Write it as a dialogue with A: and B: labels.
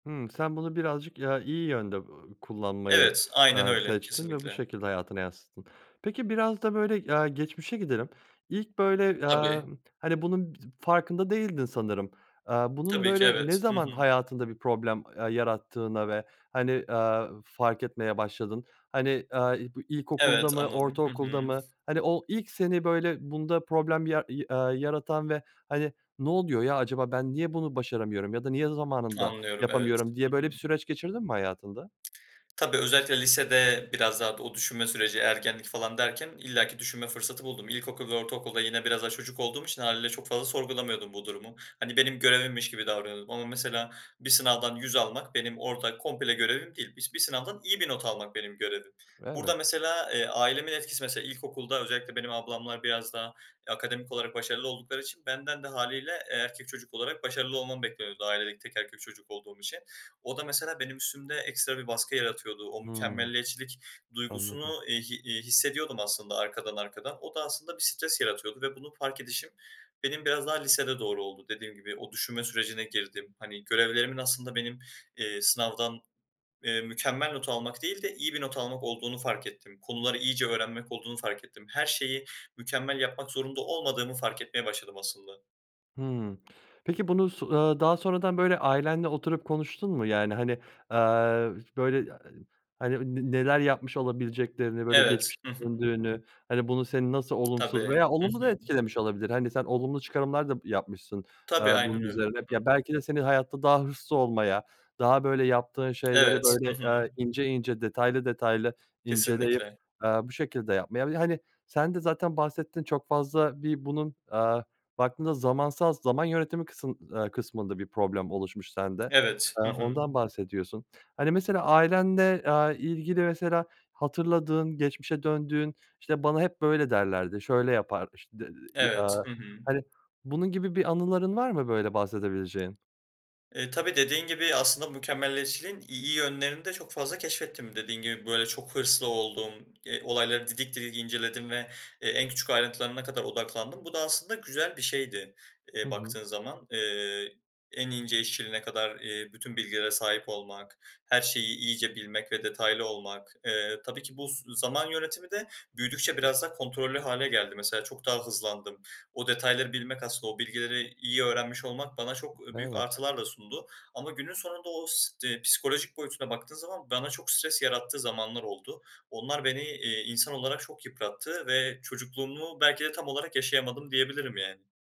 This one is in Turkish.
A: Hımm. Sen bunu birazcık, ya, iyi yönde, ııı, kullanmayı,
B: Evet, aynen
A: eee,
B: öyle.
A: seçtin ve bu
B: Κesinlikle.
A: şekilde hayatına yansıttın. Peki biraz da böyle, aaa, geçmişe gidelim. İlk böyle aaa,
B: Tabii.
A: hani, bunun bi [unintelligible] farkında değildin sanırım. Eee, bunun,
B: Tabii ki,
A: böyle, ne
B: evet. Hı
A: zaman
B: hı.
A: hayatında bir problem, ııı, yarattığını ve, hani, aaa, fark etmeye başladın? Ηani, ııı, i bu ilkokulda
B: Evet,
A: mı
B: anladım. Hı hı.
A: ortaokulda mı? Ηani o ilk seni, böyle, bunda problem ya i aaa, yaratan ve, hani, "Ne oluyor ya? Αcaba ben niye bunu başaramıyorum? Ya da niye zamanında
B: Anlıyorum, evet.
A: yapamıyorum?"
B: Hı
A: diye böyle
B: hı.
A: bir süreç geçirdin mi hayatında?
B: Tabii, özellikle lisede biraz daha o düşünme süreci, ergenlik falan derken illaki düşünme fırsatı buldum. İlkokul ve ortaokulda yine biraz daha çocuk olduğum için hâliyle çok fazla sorgulamıyordum bu durumu. Hani, benim görevimmiş gibi davranıyordum ama mesela bir sınavdan 100 almak benim orada komple görevim değil. Bis bir sınavdan iyi bir not almak benim görevim.
A: Evet.
B: Burada mesela, eee, ailemin etkisi mesela ilkokulda özellikle benim ablamlar biraz daha akademik olarak başarılı oldukları için benden de hâliyle, eee, erkek çocuk olarak başarılı olmam bekleniyordu ailedeki tek erkek çocuk olduğum için. O da mesela benim üstümde ekstra bir baskı yaratıyordu. O
A: Hımm,
B: mükemmeliyetçilik
A: anladım.
B: duygusunu, iii, hi iii, hissediyordum aslında arkadan arkadan. O da aslında bir stres yaratıyordu ve bunu fark edişim benim biraz daha lisede doğru oldu. Dediğim gibi o düşünme sürecine girdim. Hani, görevlerimin aslında benim, eee, sınavdan eee mükemmel not almak değil de iyi bir not almak olduğunu fark ettim. Konuları iyice öğrenmek olduğunu fark ettim. Her şeyi mükemmel yapmak zorunda olmadığımı fark etmeye başladım aslında.
A: Hımm. Peki bunu s ııı, daha sonradan, böyle, ailenle oturup konuştun mu? Yani, hani, aaa, böyle, [unintelligible] hani, ne neler yapmış olabileceklerini, böyle,
B: Evet.
A: geçmişe
B: Hı hı.
A: döndüğünü, hani, bunu senin nasıl
B: Tabii.
A: olumsuz Veya
B: Hı
A: olumlu da
B: hı.
A: etkilemiş olabilir, hani, sen olumlu çıkarımlar da p yapmışsın,
B: Tabii,
A: eee, bunun
B: aynen öyle.
A: üzerine hep.
B: Hı hı.
A: Ya, belki de seni hayatta daha hırslı olmaya daha, böyle, yaptığın şeyleri
B: Evet. Hı
A: böyle,
B: hı.
A: ııı, ince ince, detaylı detaylı inceleyip,
B: Kesinlikle.
A: eee, bu şekilde yapmaya Bir de, hani, sen de zaten bahsettin. Çok fazla bir bunun, aaa, baktığında zamansal zaman yönetimi kısım aaa, kısmında bir problem oluşmuş sende.
B: Evet.
A: Eee,
B: Hı hı.
A: ondan bahsediyorsun. Hani, mesela ailende, aaa, ilgili mesela hatırladığın geçmişe döndüğün, işte, "Βana hep böyle derlerdi, şöyle yapar" işte, d [unintelligible]
B: Evet.
A: Αaa,
B: Hı hı.
A: hani, bunun gibi bir anıların var mı, böyle, bahsedebileceğin?
B: Eee, tabii dediğin gibi aslında mükemmelliyetçiliğin iyi yönlerini de çok fazla keşfettim. Dediğin gibi, böyle, çok hırslı oldum, eee, olayları didik didik inceledim ve e en küçük ayrıntılarına kadar odaklandım. Bu da aslında güzel bir şeydi,
A: Hı
B: eee,
A: hı.
B: baktığın zaman. Eee, en ince işçiliğine kadar, eee, bütün bilgilere sahip olmak, her şeyi iyice bilmek ve detaylı olmak. Eee, tabii ki bu s zaman yönetimi de büyüdükçe biraz daha kontrollü hâle geldi. Mesela çok daha hızlandım. O detayları bilmek aslında o bilgileri iyi öğrenmiş olmak bana çok, ııı, büyük
A: Evet.
B: artılar da sundu ama günün sonunda o s psikolojik boyutuna baktığım zaman, bana çok stres yarattığı zamanlar oldu. Onlar beni, eee, insan olarak çok yıprattı ve çocukluğumu belki de tam olarak yaşayamadım diyebilirim yani.